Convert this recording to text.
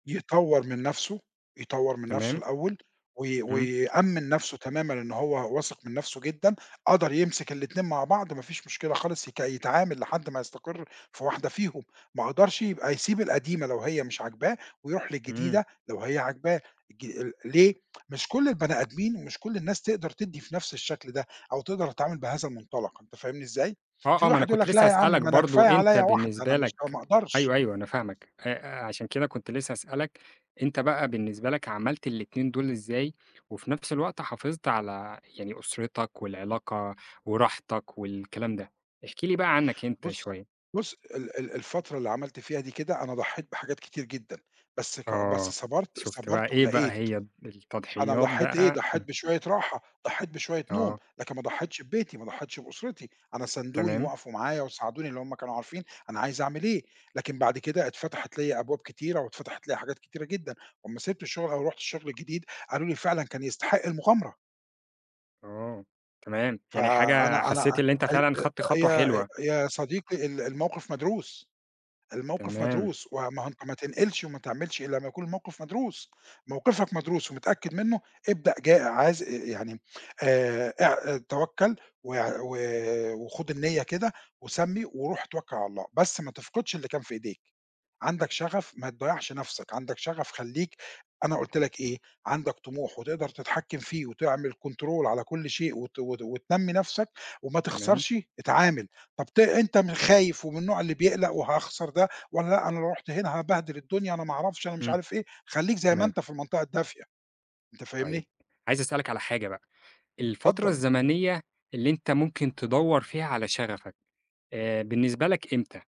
يطوّر من نَفْسه، يطوّر من نَفْسه تمام. الأول وي إمم. ويأمِّن نَفْسه تمامًا إنه هو واثق من نَفْسه جدًا، قدر يمسك الاتنين مع بعض ما فيش مشكلة خالص يك يتعامل لحد ما يستقر في واحدة فيهم، ما قدرش يبقى يسيب القديمة لو هي مش عاجباه ويروح إمم. للجديدة لو هي عاجباه ج ليه؟ مش كل البني آدمين مش كل الناس تقدر تدّي في نفس الشَكل ده أو تقدر تتعامل بهذا المُنطلق أنت فاهمني إزاي؟ آه، في آه. ما أنا واحد يقول كنت لك لسّه لأ يا عم هسألك ما أنا برضه، كفاية أنت عليّا واحدة أنا بالنسبة مش لك أو ما أقدرش. أيوه، أيوه، أنا فاهمَك. آآ عشان كده كنت لسّه هسألك أنت بقى بالنسبة لك عملت الاتنين دول إزاي وفي نفس الوقت حافظت على يعني أُسرتك والعلاقة وراحتك والكلام ده، احكِ لي بقى عنّك أنت بُص شوية؟ بُص، ال ال الفترة اللي عملت فيها دي كده، أنا ضحّيت بحاجات كتير جدًا، بس ك بس آه. صَبرت شُفت بقى، صَبرت إيه بقى ولقيت. هي أنا التضحيّات ضحّيت إيه، بقى؟ ضحّيت [unintelligible] بشوية راحة، ضحّيت بشوية نوم، آه. لكن ما ضحّيتش ببيتي، ما ضحّيتش بأُسرتي. أنا ساندوني، تمام. وقفوا معايا وساعدوني لإن هم كانوا عارفين أنا عايز أعمل إيه، لكن بعد كده اتفتحت ليّا أبواب كتيرة واتفتحت ليّا حاجات كتيرة جدًا وأمّا سِبت الشُغل أو رُحت الشُغل جديد، قالوا لي:" فعلًا، كان يستحق المُغامرة." آه. تمام. يعني حاجة فأنا أنا أ حسّيت اللي أنت ال فعلًا خدت خطوة يا آآ حلوة. يا صديقي ال الموقف مدروس، الموقف تمام. مدروس. و ما أهو أنت ما تنقلش وما تعملش إلّا ما يكون الموقف مدروس. موقفك مدروس ومتأكد منّه، ابدأ ج عايز آآ يعني آآ اع توكّل وع و وخُد النيّة كده وسمّي وروح اتوكّل على الله، بس ما تفقدش اللي كان في إيديك. عندك شَغَف ما تضيّعش نَفْسك، عندَك شَغَف خلّيك، أنا قُلت لك إيه، عندَك طموح وتقدر تتحكِّم فيه وتعمل كنترول على كل شيء وت وت وتنمّي نفسَك وما تمام. تخسرش اتعامل. طب ت أنت خايف ومن النوع اللي بيقلَق وهاخسر ده والّا لأ، أنا لو رُحت هنا هابهدل الدُنيا أنا ما أعرفش أنا مش إمم. عارف إيه، خلَيك زي ما تمام. أنت في المنطقة الدافية أنت طيب فاهمني؟ عايز أسألك على حاجة بقى، الفترة اتفضّل. الزمنية اللي أنت ممكن تدوّر فيها على شَغَفك، آآ بالنسبة لك إمتى؟